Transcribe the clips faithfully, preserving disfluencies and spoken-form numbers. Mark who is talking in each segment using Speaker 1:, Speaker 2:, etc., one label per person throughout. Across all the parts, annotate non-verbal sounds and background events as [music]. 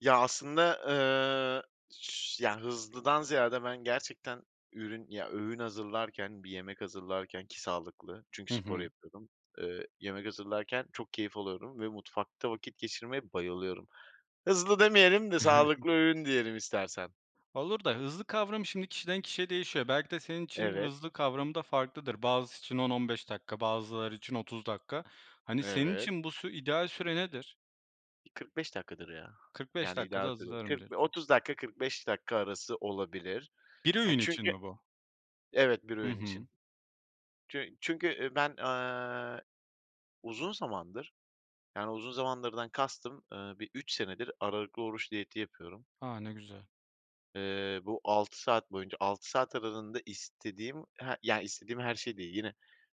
Speaker 1: Ya, aslında, eee, ş ya, hızlıdan ziyade ben gerçekten ürün ya, öğün hazırlarken, bir yemek hazırlarken ki sağlıklı
Speaker 2: Hı
Speaker 1: çünkü spor
Speaker 2: hı.
Speaker 1: yapıyordum. Eee, yemek hazırlarken çok keyif alıyorum ve mutfakta vakit geçirmeye bayılıyorum. Hızlı demeyelim de
Speaker 2: [chuckles]
Speaker 1: sağlıklı öğün diyelim istersen.
Speaker 2: Olur da hızlı kavramı şimdi kişiden kişiye değişiyor. Belki de senin için
Speaker 1: Evet.
Speaker 2: hızlı kavramı da farklıdır. Bazısı için on on beş dakika, bazıları için otuz dakika. Hani, senin
Speaker 1: Evet.
Speaker 2: için bu sü ideal süre nedir?
Speaker 1: kırk beş dakikadır ya.
Speaker 2: kırk beş
Speaker 1: Yani,
Speaker 2: dakikada
Speaker 1: ideal süre.
Speaker 2: hazırlarım,
Speaker 1: kırk
Speaker 2: diyorsun.
Speaker 1: bi otuz dakika, kırk beş dakika arası olabilir.
Speaker 2: bir
Speaker 1: E,
Speaker 2: öğün için
Speaker 1: çünkü
Speaker 2: mi bu?
Speaker 1: Evet, bir
Speaker 2: Hı
Speaker 1: öğün
Speaker 2: hı.
Speaker 1: için. Çü çünkü, ııı, ben, aaa, uzun zamandır, yani uzun zamandırdan kastım, ııı, bir üç senedir, aralıklı oruç diyeti yapıyorum.
Speaker 2: A, ne güzel.
Speaker 1: Eee, bu altı saat boyunca, altı saat aralığında istediğim he yani, istediğim her şey değil, yine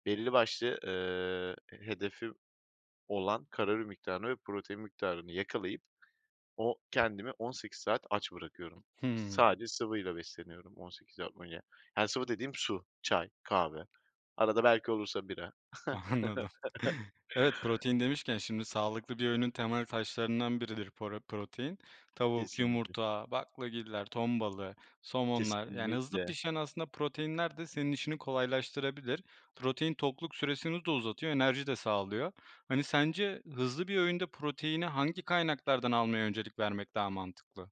Speaker 1: belli başlı, ııı, h hedefim olan kalori miktarını ve protein miktarını yakalayıp, o kendimi on sekiz saat aç bırakıyorum.
Speaker 2: Hımm.
Speaker 1: Sadece sıvıyla besleniyorum on sekiz saat boyunca. Yani sıvı dediğim su, çay, kahve. Arada belki olursa bira.
Speaker 2: Anladım.
Speaker 1: [chuckles]
Speaker 2: Evet, protein demişken şimdi sağlıklı bir öğünün temel taşlarından biridir poro protein. Tavuk,
Speaker 1: Kesinlikle.
Speaker 2: yumurta, baklagiller, ton balığı, somonlar, yani hızlı
Speaker 1: Kesinlikle.
Speaker 2: pişen aslında proteinler de senin işini kolaylaştırabilir. Protein, tokluk süresini de uzatıyor, enerji de sağlıyor. Hani, sence hızlı bir öğünde proteini hangi kaynaklardan almaya öncelik vermek daha mantıklı?